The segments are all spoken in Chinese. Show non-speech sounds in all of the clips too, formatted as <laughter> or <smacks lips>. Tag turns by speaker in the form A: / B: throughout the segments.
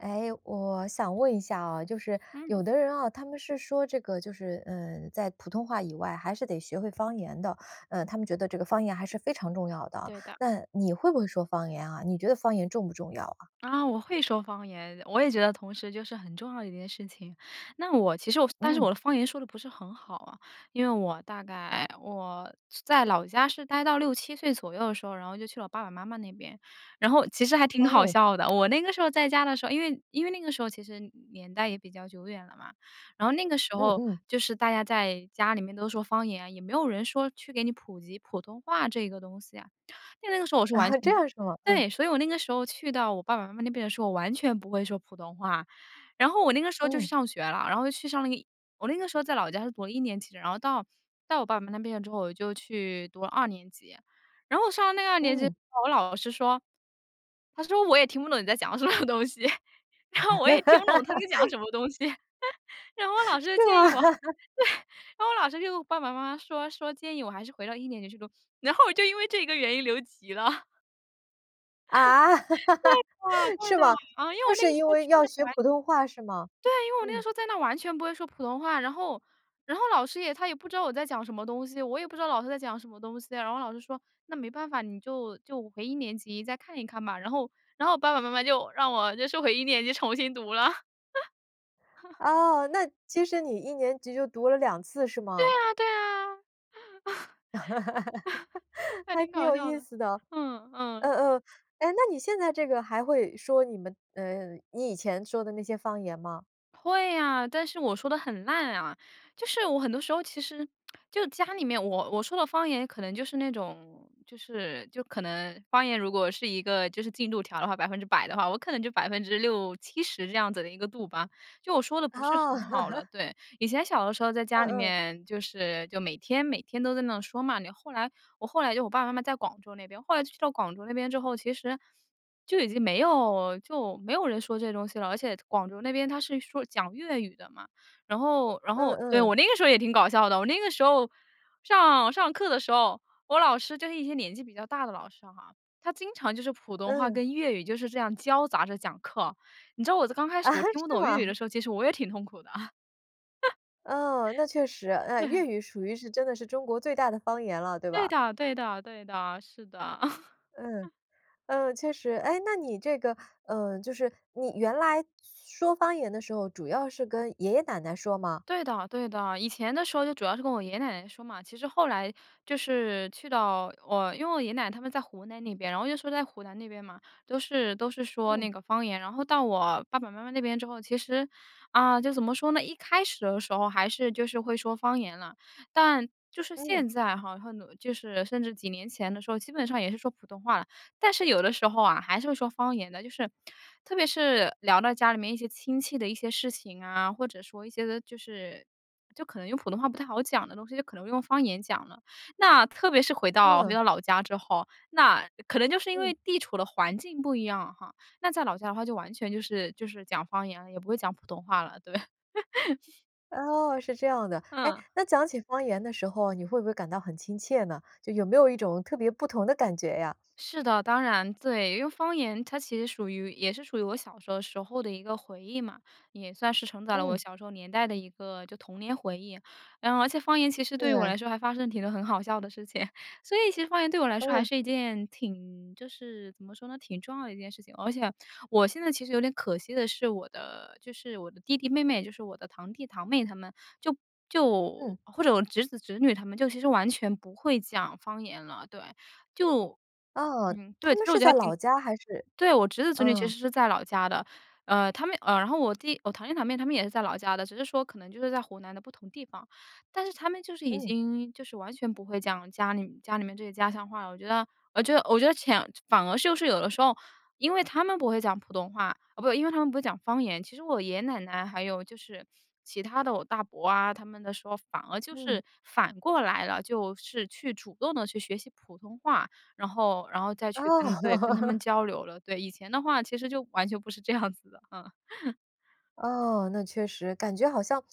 A: 哎，我想问一下啊，就是
B: 嗯。
A: 有的人啊，他们是说这个就是，呃，在普通话以外还是得学会方言的。呃，他们觉得这个方言还是非常重要的，
B: 对的。
A: 那你会不会说方言啊？你觉得方言重不重要啊？
B: 啊，我会说方言，我也觉得同时就是很重要的一件事情。那我其实我但是我
A: 嗯。
B: 的方言说得不是很好啊。因为我大概我在老家是呆到6-7岁左右的时候，然后就去了我爸爸妈妈那边，然后其实还挺好
A: 哦。
B: 笑的，我那个时候在家的时候，因为因为那个时候其实年代也比较久远了嘛。然后那个时
A: 嗯
B: 候
A: 嗯。
B: 就是大家在家里面都说方言，也没有人说去给你普及普通话这个东西啊。因为那个时候我是完
A: 啊，
B: 全
A: 这
B: 不
A: 样是吗？嗯。
B: 对，所以我那个时候去到我爸爸妈妈那边的时候，我完全不会说普通话，然后我那个时候就去
A: 嗯。
B: 上学了，然后就去上那个一我那个时候在老家是读了一年级的，然后到到我爸爸那边之后，我就去读了二年级。然后上了那个二年级之
A: 嗯。
B: 后，我老师说他说：“我也听不懂你在讲什么东西。<laughs> “然后我也听不懂他在讲
A: <laughs>
B: 什么东西。<laughs> 然后
A: <laughs>
B: 老师
A: 是
B: 就建
A: 吗？
B: 议我
A: <laughs>
B: 对，然后我老师跟我爸爸妈妈说说，建议我还是回到一年级去读。然后我就因为这个原因留级了。
A: 啊，<laughs>
B: <laughs> 对的，对
A: 是
B: 的。
A: 吗？
B: 嗯，因为
A: 就
B: 我那
A: 是
B: 个时
A: 因
B: 候
A: 为
B: 去
A: 要
B: 的
A: 学
B: 完
A: 普通话，是吗？
B: 对，因为我那个
A: 嗯。
B: 时候在那完全不会说普通话，然后然后老师也他也不知道我在讲什么东西，我也不知道老师在讲什么东西，然后老师说，那没办法，你就就回一年级再看一看吧，然后然后我爸爸妈妈就让我就收回一年级重新读了。<laughs>
A: 哦，那其实你一年级就读了2次是
B: 对
A: 吗？
B: 呀，对呀。<laughs>
A: <laughs>
B: 那
A: 还
B: 挺
A: 挺
B: 搞
A: 有
B: 笑
A: 意
B: 的。
A: 思的，
B: 嗯，嗯。
A: 嗯嗯。哎，那你现在这个还会说你们，呃，你以前说的那些方言吗？
B: 会啊，但是我说得很烂啊。就是我很多时候其实 <smacks lips> 就家里面我我说的方言可能就是那种，就是就可能方言如果是一个就是进度条的话，100%的话，我可能就60%-70%这样子的一个度吧，就我说的不是
A: 哦。
B: 很好了，
A: <laughs>
B: 对。以前小的时候在家
A: 嗯
B: 里
A: 嗯。
B: 面就是就每天每天都在那说嘛，后来我后来就我爸爸妈妈在广州那边，后来去到广州那边之后，其实就已经没有就没有人说这东西了，而且广州那边它是说讲粤语的嘛。然后然
A: 嗯
B: 后，对，
A: 嗯。
B: 我那个时候也挺搞笑的，我那个时候上上课的时候，我老师就是一些年纪比较大的老师哈，他经常就是普通话
A: 嗯。
B: 跟粤语就是这样交杂着讲课，你知道我刚开始
A: 啊，
B: 我听不
A: 是
B: 懂粤
A: 吗？
B: 语的时候，其实我也挺痛苦的。
A: 嗯，那确实。
B: <laughs>
A: 呃，
B: 对。
A: 粤语属于是真的是中国最大的方言了，对
B: 对
A: 吧？
B: 的对的对的，是的。
A: 嗯，
B: <chuckles>
A: 嗯，确实。哎，那你这个，呃，就是你原来说方言的时候，主要是跟爷爷奶奶说吗？
B: 对的，对的，以前的时候就主要是跟我爷爷奶奶说嘛，其实后来就是去到我因为我爷爷奶奶他们在湖南那边。然后就说在湖南那边嘛，都是都是说
A: 嗯。
B: 那个方言，然后到我爸爸妈妈那边之后，其实，啊，就怎么说呢，一开始的时候还是就是会说方言了，但就是
A: 嗯。
B: 现在哈，和努就是甚至几年前的时候，基本上也是说普通话了。但是有的时候啊，还是会说方言的，就是特别是聊到家里面一些亲戚的一些事情啊，或者说一些个就是就可能用普通话不太好讲的东西，就可能用方言讲了。那特别是回到回
A: 嗯。
B: 到老家之后，那可能就是因为
A: 嗯。
B: 地处的环境不一样哈，那在老家的话就完全就是就是讲方言，也不会讲普通话了，对。。<laughs>
A: 哦，是这样的。诶，
B: 嗯。
A: 那讲起方言的时候，你会不会感到很亲切呢？就有没有一种特别不同的感觉呀？
B: 是的，当然，对。因为方言它其实属于也是属于我小时候时候的一个回忆嘛，也算是承载了我
A: 嗯。
B: 小时候年代的一个就童年回忆。然后而且方言其实对于我
A: 对。
B: 来说还发生了挺很好笑的事情，所以其实方言对我来说还
A: 嗯。
B: 是一件挺就是怎么说呢？挺重要的一件事情。而且我现在其实有点可惜的是，我的就是我的弟弟妹妹，就是我的堂弟堂妹他们，就就
A: 嗯。
B: 或者我侄子侄女他们就其实完全不会讲方言了。对，就
A: 哦，
B: 嗯，
A: 他
B: 对，其
A: 们
B: 实我觉
A: 是
B: 得
A: 在
B: 还挺
A: 老家还是？
B: 对，我侄子侄女其
A: 嗯。
B: 实是在老家的，呃，他们，呃，然后我弟我堂弟堂妹他们也是在老家的，只是说可能就是在湖南的不同地方，但是他们就是已
A: 嗯。
B: 经就是完全不会讲家里家里面这些家乡话了。我觉得我觉得我觉得潜反而就是有的时候因为他们不会讲普通话，啊不，因为他们不会讲方言，其实我爷爷奶奶还有就是其他的我大伯啊，他们的时候反而就
A: 嗯。
B: 是反过来了，就是去主动地去学习普通话，然后，然后再
A: 啊。
B: 去跟对，跟他们
A: <laughs>
B: 交流了。对，以前的话其实就完全不是这样子的，啊。<chuckles>
A: 哦，那确实，感觉好像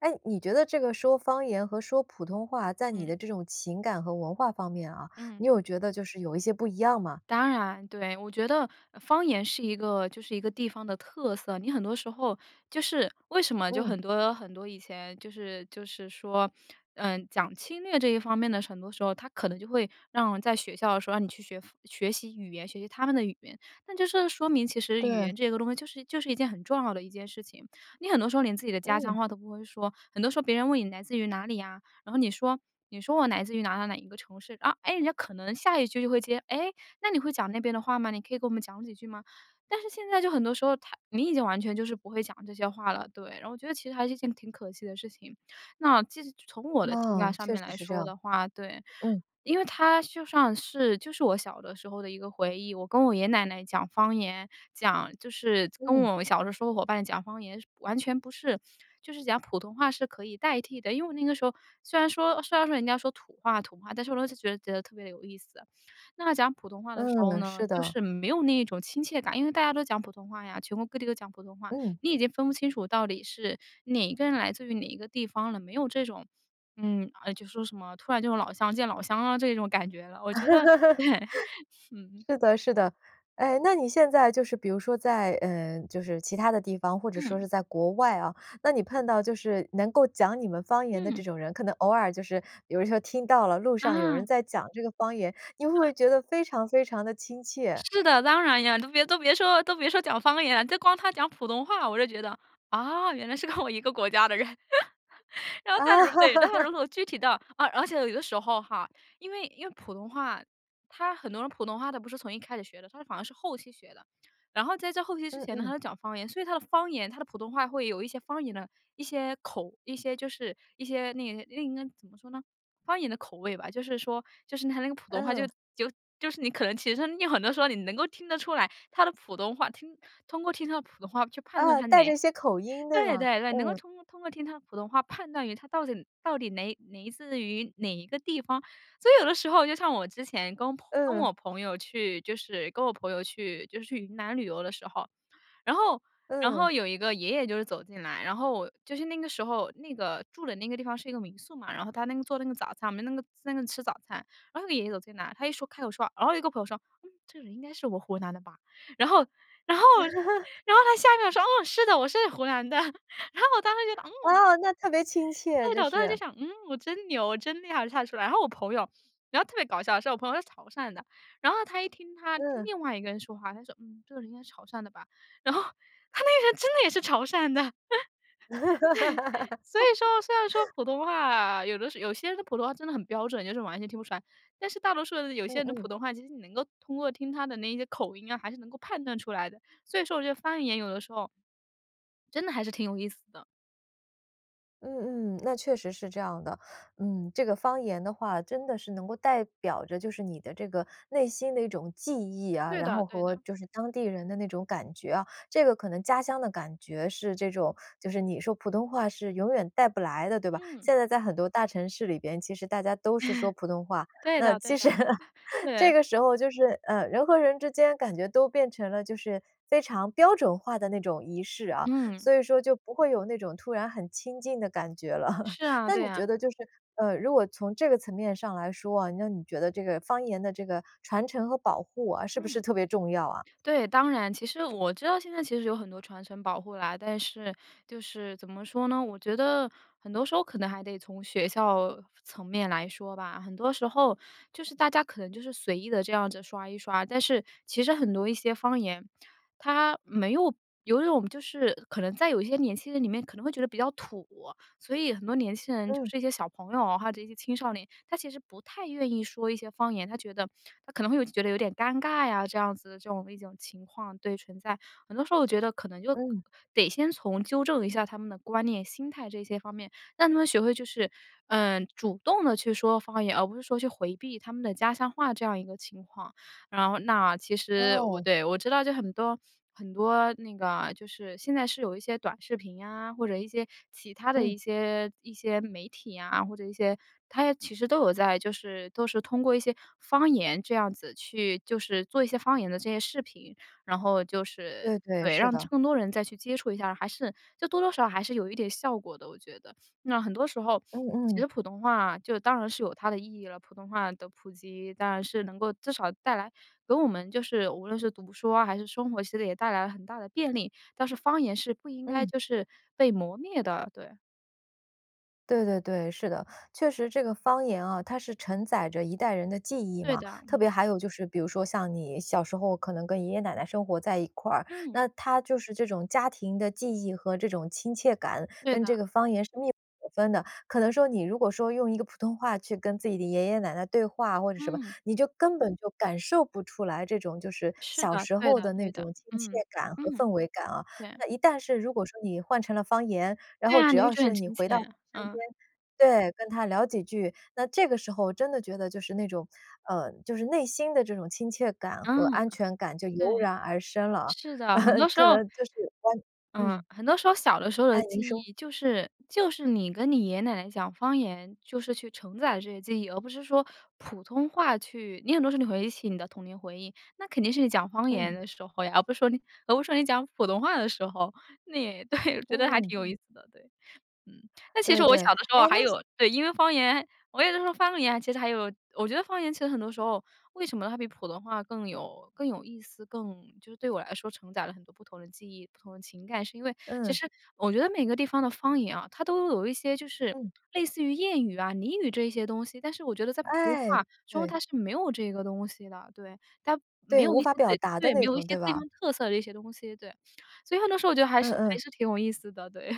A: 诶，你觉得这个说方言和说普通话，在你
B: 嗯。
A: 的这种情感和文化方面啊，
B: 嗯。
A: 你有觉得就是有一些不一样吗？
B: 当然，对。我觉得方言是一个就是一个地方的特色，你很多时候就是为什么就
A: 嗯。
B: 很多很多以前就是就是说，呃，讲侵略这一方面的很多时候，它可能就会让在学校的时候让你去学方学习语言，学习他们的语言。那就是说明其实语
A: 对。
B: 言这个东西就是就是一件很重要的一件事情。你很多时候连自己的家乡
A: 嗯。
B: 话都不会说，很多时候别人问你来自于哪里呀，然后你说你说我来自于哪哪哪一个城市啊。诶，人家可能下一句就会接：“诶，那你会讲那边的话吗？你可以跟我们讲几句吗？”但是现在就很多时候它你已经完全就是不会讲这些话了。对，然后我觉得其实还是一件挺可惜的事情。那其实从我的情
A: 哦，
B: 感上
A: 确
B: 面
A: 实
B: 来
A: 是这
B: 说
A: 样。
B: 的话对，
A: 嗯。
B: 因为它就算是就是我小的时候的一个回忆。我跟我爷爷奶奶讲方言，讲就是跟
A: 嗯。
B: 我小的时候伙伴讲方言是完全不是，就是讲普通话是可以代替的。因为我那个时候虽然说虽然说人家说土话土话，但是我当时就觉得特别地有意思。那讲普通话的时候
A: 嗯，
B: 呢，
A: 是
B: 就
A: 的。
B: 是没有那种亲切感。因为大家都讲普通话呀，全国各地都讲普通话，
A: 嗯。
B: 你已经分不清楚到底是哪一个人来自于哪一个地方了。没有这种嗯，哎，就说什么，突然就老乡见老乡啊，这种感觉了，我觉得，对，
A: <laughs>
B: 嗯。
A: 是的是的。哎，那你现在就是比如说在，呃，就是其他的地方，或者说
B: 嗯。
A: 是在国外啊，那你碰到就是能够讲你们方言的
B: 嗯。
A: 这种人，可能偶尔就是有时候听到了路上有人
B: 啊。
A: 在讲这个方言，你会不会
B: <laughs>
A: 觉得非常非常地亲切？
B: 是的，当然呀。都别都别说都别说讲方言，就光他讲普通话，我就觉得，啊，原来是跟我一个国家的人。<laughs> 然后他如对，然后
A: <laughs>
B: 如果具体到而而且有的时候哈，因为因为普通话，他很多人普通话他不是从一开始学的，他反而是后期学的。然后在这后期之
A: 嗯
B: 前呢，他
A: 嗯。
B: 就讲方言。所以他的方言他的普通话会有一些方言的一些口一些就是，一些那个那个那个应该怎么说呢？方言的口味吧。就是说，就是他那个普通话就
A: 嗯。
B: 就就是，你可能其实有很多时候你能够听得出来他的普通话听通过听他的普通话去判断
A: 啊，
B: 他，
A: 带着
B: 哪
A: 一些口音对
B: 对
A: 吗？
B: 对对，能够
A: 嗯。
B: 通通过听他的普通话判断于他到底到底哪 来自于哪一个地方。所以有的时候，就像我之前跟朋跟
A: 嗯。
B: 我朋友去，就是跟我朋友去就是去云南旅游的时候，然后然
A: 嗯。
B: 后有一个爷爷就是走进来，然后就是那个时候那个住的那个地方是一个民宿嘛，然后他那个做那个早餐，我们那个在那吃早餐，然后那个爷爷走进来，他一说开口说，然后有一个朋友说：“嗯，这个人应该是我湖南的吧。”然后然后
A: <laughs>
B: 然后他下面说：“哦，是的，我是湖南的。”然后我当时觉得，嗯
A: 哦！那特别亲切，
B: 对的，
A: 就
B: 我当时就
A: 是。
B: 想，嗯，我真牛，我真厉害就看出来。然后我朋友然后特别搞笑是我朋友是潮汕的，然后他一听他，听
A: 嗯。
B: 另外一个人说话，他说：“嗯，这个人应该潮汕的吧。”然后他那个人真的也是潮汕的。<laughs> 对，所以说，虽然说
A: <laughs>
B: 普通话有的时有些人的普通话真的很标准，就是完全听不出来。但是大多数人有
A: 嗯
B: 些人的
A: 嗯。
B: 普通话，其实你能够通过听他的那些口音啊，还是能够判断出来的。所以说我觉得方言有的时候真的还是挺有意思的。
A: 嗯嗯，那确实是这样的。嗯，这个方言的话，真的是能够代表着就是你的这个内心的一种记忆啊，
B: 对
A: 然
B: 的
A: 后
B: 对
A: 和
B: 的。
A: 就是当地人的那种感觉啊。这个可能家乡的感觉是这种，就是你说普通话是永远带不来的，对吧？
B: 嗯。
A: 现在在很多大城市里边，其实大家都是说普通
B: <chuckles>
A: 话。
B: 对
A: 那
B: 的对
A: 其
B: 的。
A: 实，
B: <chuckles>
A: 这
B: 对。
A: 个时候就是，呃，人和人之间感觉都变成了就是非常标准化的那种仪式啊，
B: 嗯。
A: 所以说就不会有那种突然很亲近的感觉了。<chuckles>
B: 是啊，
A: 那
B: 对
A: 你觉
B: 啊。
A: 得就是，呃，如果从这个层面上来说啊，那你觉得这个方言的这个传承和保护啊，是不是
B: 嗯。
A: 特别重要啊？
B: 对，当然，其实我知道现在其实有很多传承保护啦，但是，就是怎么说呢？我觉得很多时候可能还得从学校层面来说吧。很多时候就是大家可能就是随意地这样子刷一刷，但是其实很多一些方言，它没有有一种就是可能在有一些年轻人里面可能会觉得比较土，所以很多年轻人就
A: 嗯。
B: 是一些小朋友啊，或者一些青少年，他其实不太愿意说一些方言，他觉得他可能会有一些觉得有点尴尬呀，这样子的这种一种情况，对，存在。很多时候我觉得可能就
A: 嗯。
B: 得先从纠正一下他们的观念、心态这些方面，让他们学会就是，呃，主动地去说方言，而不是说去回避他们的家乡话这样一个情况。然后那其实我
A: 哦。
B: 对，我知道就很多很多那个就是现在是有一些短视频呀，或者一些其他的
A: 嗯。
B: 一些一些媒体啊，或者一些它也其实都有在，就是都是通过一些方言这样子去就是做一些方言的这些视频，然后就是
A: 对对，
B: 对，
A: 是
B: 让
A: 的。
B: 更多人再去接触一下，还是就多多少少还是有一点效果的我觉得。那很多时候
A: 嗯
B: 其
A: 嗯。
B: 实普通话就当然是有它的意义了。普通话的普及当然是能够至少带来给我们就是无论是读书啊还是生活，其实也带来了很大的便利。但是方言是不应该
A: 嗯。
B: 就是被磨灭的，对。
A: 对对对，是的。确实这个方言啊，它是承载着一代人的记忆
B: 对
A: 嘛，
B: 的，
A: 特
B: 嗯。
A: 别还有就是比如说像你小时候可能跟爷爷奶奶生活在一块儿，
B: 嗯。
A: 那它就是这种家庭的记忆和这种亲切感，
B: 对
A: 跟
B: 的。
A: 这个方言是密不可分的。可能说，你如果说用一个普通话去跟自己的爷爷奶奶对话，或者什么，
B: 嗯。
A: 你就根本就感受不出来这种就是
B: 是
A: 小
B: 的，
A: 时
B: 对
A: 候
B: 的
A: 的
B: 对
A: 那
B: 的。
A: 种亲切
B: 嗯，
A: 感和
B: 嗯。
A: 氛围感啊。
B: 对。
A: 那一旦是如果说你换成了方言，然
B: 对
A: 后
B: 呀，
A: 只
B: 你会
A: 要
B: 觉得很
A: 是你
B: 亲切，
A: 回到 <unintelligible> 身边，
B: 嗯。
A: 对，跟他聊几句，那这个时候真的觉得就是那种，呃，就是内心的这种亲切感和
B: 嗯，
A: 安全感就
B: 对。
A: 油然而生了
B: 是
A: 啊，
B: 的，很多
A: <laughs>
B: 时
A: 可
B: 候
A: 能就是跟
B: 嗯，
A: 嗯。
B: 很多时候小的时候的
A: 哎，您
B: 记
A: 说。
B: 忆就是就是你跟你爷爷奶奶讲方言，就是去承载这些记忆，而不是说普通话去你很多时候你回忆起你的童年回忆，那肯定是你讲方言
A: 嗯。
B: 的时候呀，而不是说你而不是说你讲普通话的时候。你对，<chuckles> 我觉得还
A: 嗯。
B: 挺有意思的，对，嗯。那其实
A: 对
B: 我小
A: 对。
B: 的时候
A: 哎
B: 还
A: 那
B: 有对，因为方言我有的时候，方言其实还有我觉得方言其实很多时候为什么它比普通话更有更有意思，更就是对我来说承载了很多不同的记忆、不同的情感，是因为其
A: 嗯。
B: 实我觉得每个地方的方言啊，它都有一些就是
A: 嗯。
B: 类似于谚语啊、俚语这一些东西，但是我觉得在普通
A: 哎，
B: 话中
A: 对。
B: 它是没有这个东西的，对，它没
A: 对，
B: 有
A: 无
B: 一些
A: 法表
B: 对，
A: 达的
B: 对，没
A: 那
B: 有一
A: 种，
B: 些
A: 对
B: 地
A: 吧？
B: 方特色的一些东西，对。所以很多时候我觉得还
A: 嗯
B: 是还
A: 嗯。
B: 是挺有意思的，对。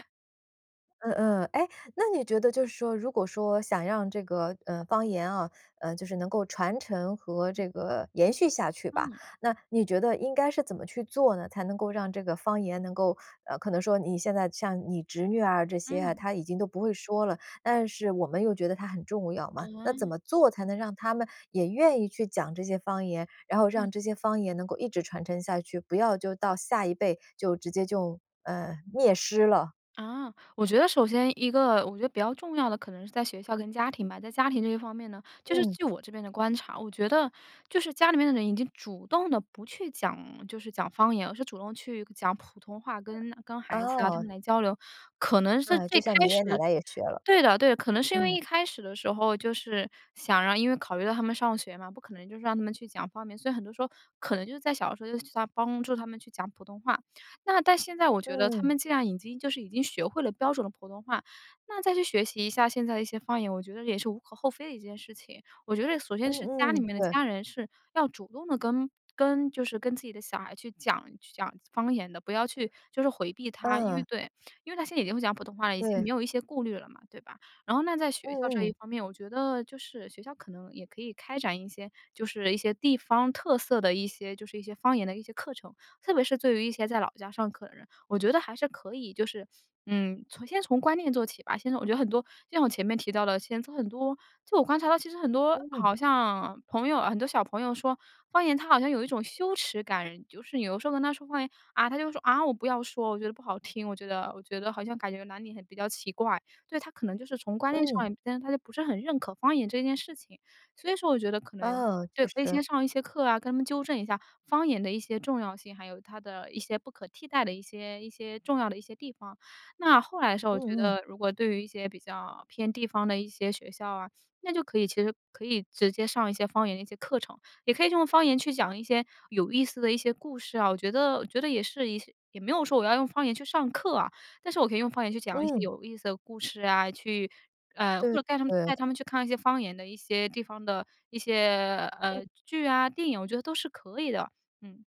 A: 嗯嗯，哎，那你觉得就是说，如果说想让这个，呃，方言啊，呃，就是能够传承和
B: 嗯。
A: 这个延续下去吧，
B: 嗯。
A: 那你觉得应该是怎么去做呢，才能够让这个方言能够可能说你现在像你侄女啊这些啊，
B: 嗯。
A: 她已经都不会说了，但是我们又觉得它很重要嘛。那
B: 啊。
A: 怎么做才能让他们也愿意去讲这些方言，然后让
B: 嗯。
A: 这些方言能够一直传承下去，不要就到下一辈就直接就，呃，灭失了。
B: 啊，我觉得首先一个，我觉得比较重要的可能是在学校跟家庭吧。在家庭这方面呢，就是
A: 嗯。
B: 据我这边的观察，我觉得，就是家里面的人已经主动地不去讲，就是讲方言，而是主动去讲普通话，跟跟孩子啊，他
A: 哦。
B: 们来交流。可能是
A: 哎，
B: 最
A: 就像你
B: 开
A: 爷爷奶
B: 始
A: 奶也学了，
B: 对的对的，可能是因为
A: 嗯。
B: 一开始的时候就是想让因为考虑到他们上学嘛，不可能就是让他们去讲方言，所以很多时候可能就是在小的时候就去他帮助他们去讲普通话。那但现在我觉得他
A: 嗯。
B: 们既然已经就是已经学会了标准的普通话，那再去学习一下现在的一些方言，我觉得也是无可厚非的一件事情。我觉得首先是家
A: 嗯
B: 里
A: 嗯，
B: 面的
A: 对。
B: 家人是要主动地跟跟就是跟自己的小孩去讲去讲方言的，不要去就是回避他。因为
A: 嗯。
B: 对，因为他现在已经会讲普通话了，已经没
A: 对。
B: 有一些顾虑了嘛，对吧？然后那在学校这
A: 嗯
B: 一
A: 嗯。
B: 方面，我觉得就是学校可能也可以开展一些，就是一些地方特色的一些，就是一些方言的一些课程，特别是对于一些在老家上课的人，我觉得还是可以就是，嗯，从先从观念做起吧，先从我觉得很多就像我前面提到的现在很多，就我观察到其实很多
A: 嗯。
B: 好像朋友很多小朋友说，方言他好像有一种羞耻感，就是你有时候跟他说方言，啊，他就说：”啊，我不要说，我觉得不好听，我觉得我觉得好像感觉哪里很比较奇怪。“对，他可能就是从观念
A: 嗯。
B: 上根他就不是很认可方言这件事情。所以说我觉得可能，
A: 嗯，
B: 对，
A: 确
B: 可以
A: 实。
B: 先上一些课啊，跟他们纠正一下方言的一些重要性，还有它的一些不可替代的一些一些重要的一些地方。那后来的时候我觉
A: 嗯嗯。
B: 得如果对于一些比较偏地方的一些学校啊，那就可以，其实可以直接上一些方言的一些课程，也可以用方言去讲一些有意思的一些故事啊，我觉得我觉得也是一些也没有说我要用方言去上课啊，但是我可以用方言去讲一些
A: 嗯。
B: 有意思的故事啊，去，呃，
A: 对
B: 或者带他们
A: 对对。
B: 带他们去看一些方言的一些地方的一些，呃，
A: 嗯。
B: 剧啊，电影我觉得都是可以的。嗯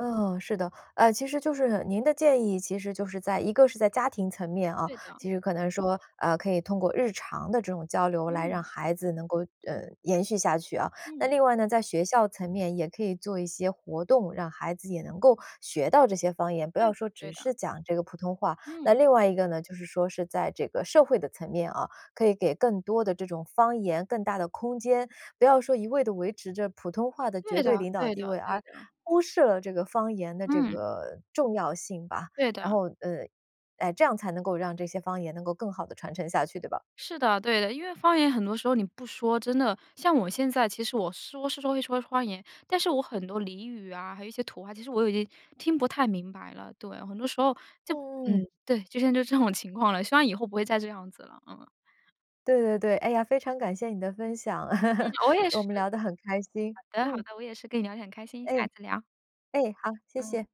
A: 嗯，是的。啊，其实就是您的建议，其实就是在一个是在家庭层面啊，
B: 对的。
A: 其实可能说，呃，可以通过日常的这种交流来让
B: 嗯。
A: 孩子能够，呃，延续下去啊。那
B: 嗯。
A: 另外呢，在学校层面也可以做一些活动让孩子也能够学到这些方言，不
B: 对
A: 要
B: 的
A: 说
B: 对
A: 只是
B: 的。
A: 讲这个普通话。那
B: 嗯。
A: 另外一个呢，就是说是在这个社会的层面啊，可以给更多的这种方言，更大的空间，不要说一味地维持着普通话的绝
B: 对
A: 对
B: 的，
A: 领导
B: 对
A: 地
B: 的，
A: 位，
B: 对
A: 而
B: 的。
A: 忽视了这个方言的这
B: 嗯。
A: 个重要性吧。
B: 对
A: 然
B: 的。
A: 后，呃哎，这样才能够让这些方言能够更好地传承下去，对吧？
B: 是的，对的。因为方言很多时候你不说真的像我现在其实我说是说会说方言，但是我很多俚语啊，还有一些土话，其实我已经听不太明白了。对，很多时候就
A: 嗯
B: 嗯，
A: 嗯。
B: 对，就现在就这种情况了，希望以后不会再这样子了，嗯。
A: 对对对。哎呀，非常感谢你的分享，
B: 嗯，
A: <laughs>
B: 我也是。
A: 我们聊得很开心。
B: 好的好的，
A: 嗯。
B: 我也是跟你聊天很开心，下一
A: 哎。
B: 次聊。
A: 哎，好，谢
B: 嗯。
A: 谢。